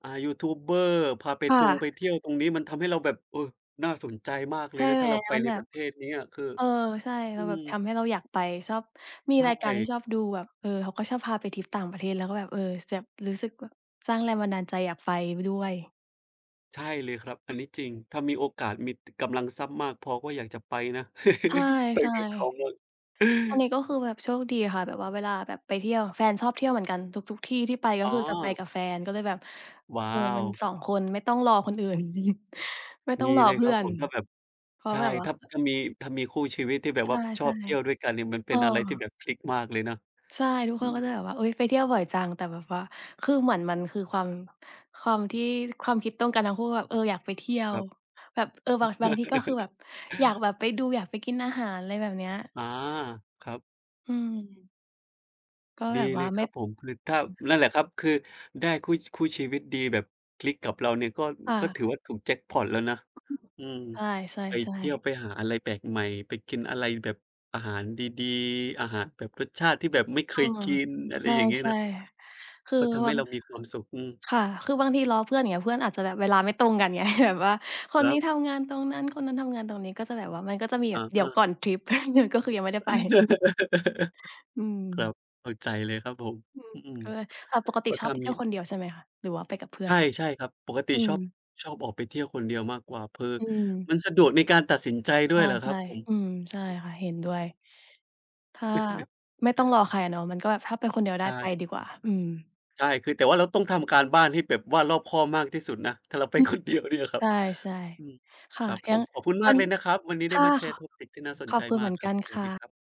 [SPEAKER 2] อ่า ยูทูบเบอร์ พาไป
[SPEAKER 1] ค่
[SPEAKER 2] ทง
[SPEAKER 1] ะ
[SPEAKER 2] ไปเที่ยวตรงนี้ มันทำให้เราแบบ เอ่อ น่าสนใจมากเ
[SPEAKER 1] ใ
[SPEAKER 2] ล
[SPEAKER 1] ช
[SPEAKER 2] ย
[SPEAKER 1] ่
[SPEAKER 2] นะ
[SPEAKER 1] ไ
[SPEAKER 2] ถ
[SPEAKER 1] หม?
[SPEAKER 2] ้าเราไป
[SPEAKER 1] มัน
[SPEAKER 2] ใน
[SPEAKER 1] แบ
[SPEAKER 2] ป
[SPEAKER 1] บ
[SPEAKER 2] ระเทศเนี้ย คือ
[SPEAKER 1] เออ ใช่ เ
[SPEAKER 2] อ
[SPEAKER 1] ร
[SPEAKER 2] ื
[SPEAKER 1] าแบ
[SPEAKER 2] ม
[SPEAKER 1] บ ทำให้เราอยากไป ชอบ มี
[SPEAKER 2] ใช
[SPEAKER 1] รายการที่
[SPEAKER 2] ่
[SPEAKER 1] ชอบดูแบบ เออ เขาก็ชอบพาไปทริปต่างประเทศ แล้วก็แบบ เออ แซ่บ รู้สึกแบบสร้างแรงบันดาลใจอยากไป บ ด้วย
[SPEAKER 2] ใช่เลยครับ อันนี้จริง ถ้ามีโอกาส มี ก กำลังทรัพย์มากพอ ก็อยากจะไปนะ
[SPEAKER 1] ใ
[SPEAKER 2] ไป
[SPEAKER 1] ช่
[SPEAKER 2] กับเขา
[SPEAKER 1] ๆ
[SPEAKER 2] มั่ง
[SPEAKER 1] อันนี้ ก็คือแบบโชคดีค่ะ แบบว่า เวลาแบบไปเที่ยว แฟนชอบเที่ยวเหมือนกันทุก ๆ ที่ที่ไป ก็
[SPEAKER 2] อ๋อ
[SPEAKER 1] คือจะไปกับแฟน ก็เลยแบบ
[SPEAKER 2] ว้า
[SPEAKER 1] เออ มัน
[SPEAKER 2] ว
[SPEAKER 1] 2 คนไม่ต้องรอคนอื่น ไม่ต้อ
[SPEAKER 2] ด
[SPEAKER 1] ง
[SPEAKER 2] ี
[SPEAKER 1] รอ
[SPEAKER 2] เลย
[SPEAKER 1] เพ
[SPEAKER 2] ค
[SPEAKER 1] ื
[SPEAKER 2] ร
[SPEAKER 1] ่
[SPEAKER 2] ับ
[SPEAKER 1] อ
[SPEAKER 2] ผ
[SPEAKER 1] น
[SPEAKER 2] ม ถ้าแบบ
[SPEAKER 1] เพรา
[SPEAKER 2] ใ
[SPEAKER 1] ะ
[SPEAKER 2] ช่
[SPEAKER 1] แบบว่า
[SPEAKER 2] ถ้า
[SPEAKER 1] อ
[SPEAKER 2] ถ้ามี ถ้ามีคู่ชีวิตที่แบบ
[SPEAKER 1] ใ
[SPEAKER 2] ว่าช
[SPEAKER 1] ช
[SPEAKER 2] อ
[SPEAKER 1] ่
[SPEAKER 2] บเที่ยวด้วยกันเนี่ย มัน
[SPEAKER 1] ๆ
[SPEAKER 2] เ
[SPEAKER 1] เ
[SPEAKER 2] ป
[SPEAKER 1] อ
[SPEAKER 2] ็นอะไรที่แ
[SPEAKER 1] อ
[SPEAKER 2] บบคลิกมากเลยเนาะ
[SPEAKER 1] ใช่ ทุก
[SPEAKER 2] อ
[SPEAKER 1] ค
[SPEAKER 2] ื
[SPEAKER 1] น ก็จะ
[SPEAKER 2] ม
[SPEAKER 1] แบบว่า อุ๊ย! ไปเที่ยวบ่อยจัง แต่แบบว่า คือเหมือนมัน คือความ ความที่ ความคิดตรงกันทั้งคู่แบบ เออ อยากไปเที่ยว
[SPEAKER 2] ครับ
[SPEAKER 1] แบบ เออ บาง บางทีก็คือแบบ อยากแบบไปดู อยากไปกินอาหาร อะไรแบบเนี้ย
[SPEAKER 2] อา ครับ
[SPEAKER 1] อืม ก็
[SPEAKER 2] ด
[SPEAKER 1] แ
[SPEAKER 2] ี
[SPEAKER 1] บบว
[SPEAKER 2] เล
[SPEAKER 1] ่า
[SPEAKER 2] ย
[SPEAKER 1] ไ
[SPEAKER 2] ค
[SPEAKER 1] ม่
[SPEAKER 2] รับผม คือถ้า
[SPEAKER 1] [unintelligible]
[SPEAKER 2] นั่นแหละครับ คือได้คู่ คู่ชีวิตดีแบบคลิกกับเราเนี่ย ก็
[SPEAKER 1] ค่ะ
[SPEAKER 2] ก็ถือว่า ถูกแจ็กพอตแล้วนะ อืม
[SPEAKER 1] ใช
[SPEAKER 2] ไป
[SPEAKER 1] ่
[SPEAKER 2] เที่ยว
[SPEAKER 1] ๆ ๆ
[SPEAKER 2] ไปหาอะไรแปลกใหม่ ไปกินอะไรแบบอาหารดี ๆ อาหารแบบรสชาติที่แบบไม่เ
[SPEAKER 1] เ
[SPEAKER 2] ค
[SPEAKER 1] ออ
[SPEAKER 2] ยกิน อะไ
[SPEAKER 1] ใ
[SPEAKER 2] รอย่างงี้
[SPEAKER 1] ช
[SPEAKER 2] น
[SPEAKER 1] ่
[SPEAKER 2] ะ
[SPEAKER 1] ๆ คือ
[SPEAKER 2] ก็ทำ
[SPEAKER 1] บ
[SPEAKER 2] ให
[SPEAKER 1] า
[SPEAKER 2] ้
[SPEAKER 1] ง
[SPEAKER 2] เรามีความสุข อืม
[SPEAKER 1] ค่ะ คือบางทีรอเพื่อนอย่างเงี้ย เพื่อนอาจจะแบบ เวลาไม่ตรงกัน ไง แบบว่าค
[SPEAKER 2] ค
[SPEAKER 1] น
[SPEAKER 2] ร
[SPEAKER 1] น
[SPEAKER 2] ั
[SPEAKER 1] ี้
[SPEAKER 2] บ
[SPEAKER 1] ทำงานตรงนั้น คนนั้นทำงานตรงนี้ ก็จะแบบว่า มันก็จะมีแ
[SPEAKER 2] อ
[SPEAKER 1] บ
[SPEAKER 2] ะ
[SPEAKER 1] บ เดี
[SPEAKER 2] ฮ
[SPEAKER 1] ๋ยวก
[SPEAKER 2] ะ
[SPEAKER 1] ่อนทริป ก็คือยังไม่ได้ไป อื
[SPEAKER 2] ครั
[SPEAKER 1] ม
[SPEAKER 2] บ เข้าใจเลยครับผม
[SPEAKER 1] อืม
[SPEAKER 2] อืม
[SPEAKER 1] เออ แต่ปกติ
[SPEAKER 2] ก็
[SPEAKER 1] ช
[SPEAKER 2] ถ
[SPEAKER 1] อ
[SPEAKER 2] ้
[SPEAKER 1] บ
[SPEAKER 2] า
[SPEAKER 1] ไปเท
[SPEAKER 2] ม
[SPEAKER 1] ี
[SPEAKER 2] ี
[SPEAKER 1] ่ยวคนเดียวใช่ไหมคะ? หรือว่าไปกับเพื่อ
[SPEAKER 2] ใช
[SPEAKER 1] น?
[SPEAKER 2] ่ ๆ ครับ ปกติ
[SPEAKER 1] อื
[SPEAKER 2] ช
[SPEAKER 1] ม
[SPEAKER 2] อบ ชอบออกไปเที่ยวคนเดียวมากกว่า คือ
[SPEAKER 1] อืม
[SPEAKER 2] มันสะดวกในการตัดสินใจด
[SPEAKER 1] ใ
[SPEAKER 2] ้วยล่ะค
[SPEAKER 1] ช
[SPEAKER 2] รั
[SPEAKER 1] ่
[SPEAKER 2] บผม
[SPEAKER 1] ๆ อืม ใช่ค่ะ เห็นด้วย ถ้าไม่ต้องรอใครอะเนาะ มันก็แบบ ถ้าไปคนเดียวไ
[SPEAKER 2] ใ
[SPEAKER 1] ด้
[SPEAKER 2] ช
[SPEAKER 1] ไป
[SPEAKER 2] ่
[SPEAKER 1] ดีกว่า อืม
[SPEAKER 2] ใช่ คือ แต่ว่าเราต้องทำการบ้านให้แบบว่ารอบคอบมากที่สุดนะ ถ้าเราไป
[SPEAKER 1] อืม
[SPEAKER 2] คนเดียว เนี่ยคร
[SPEAKER 1] ใ
[SPEAKER 2] ับ
[SPEAKER 1] ช่
[SPEAKER 2] อืม
[SPEAKER 1] ๆ ค
[SPEAKER 2] ค
[SPEAKER 1] ่ะ
[SPEAKER 2] รับผ
[SPEAKER 1] ยัง
[SPEAKER 2] ม ขอบคุณม
[SPEAKER 1] วั
[SPEAKER 2] ากเ
[SPEAKER 1] น
[SPEAKER 2] ลยนะครับ วันนี้
[SPEAKER 1] ค
[SPEAKER 2] ได้
[SPEAKER 1] ่ะ
[SPEAKER 2] มาแช
[SPEAKER 1] ข
[SPEAKER 2] ร์เทคนิค ที่น่าส
[SPEAKER 1] ข
[SPEAKER 2] น
[SPEAKER 1] อ
[SPEAKER 2] ใจ
[SPEAKER 1] บคุณ
[SPEAKER 2] ม
[SPEAKER 1] เห
[SPEAKER 2] า
[SPEAKER 1] มื
[SPEAKER 2] ก
[SPEAKER 1] อน
[SPEAKER 2] คร
[SPEAKER 1] ก
[SPEAKER 2] ั
[SPEAKER 1] ั
[SPEAKER 2] บ
[SPEAKER 1] น
[SPEAKER 2] สว
[SPEAKER 1] ค
[SPEAKER 2] ัส
[SPEAKER 1] ่
[SPEAKER 2] ดี
[SPEAKER 1] ะ
[SPEAKER 2] ครับ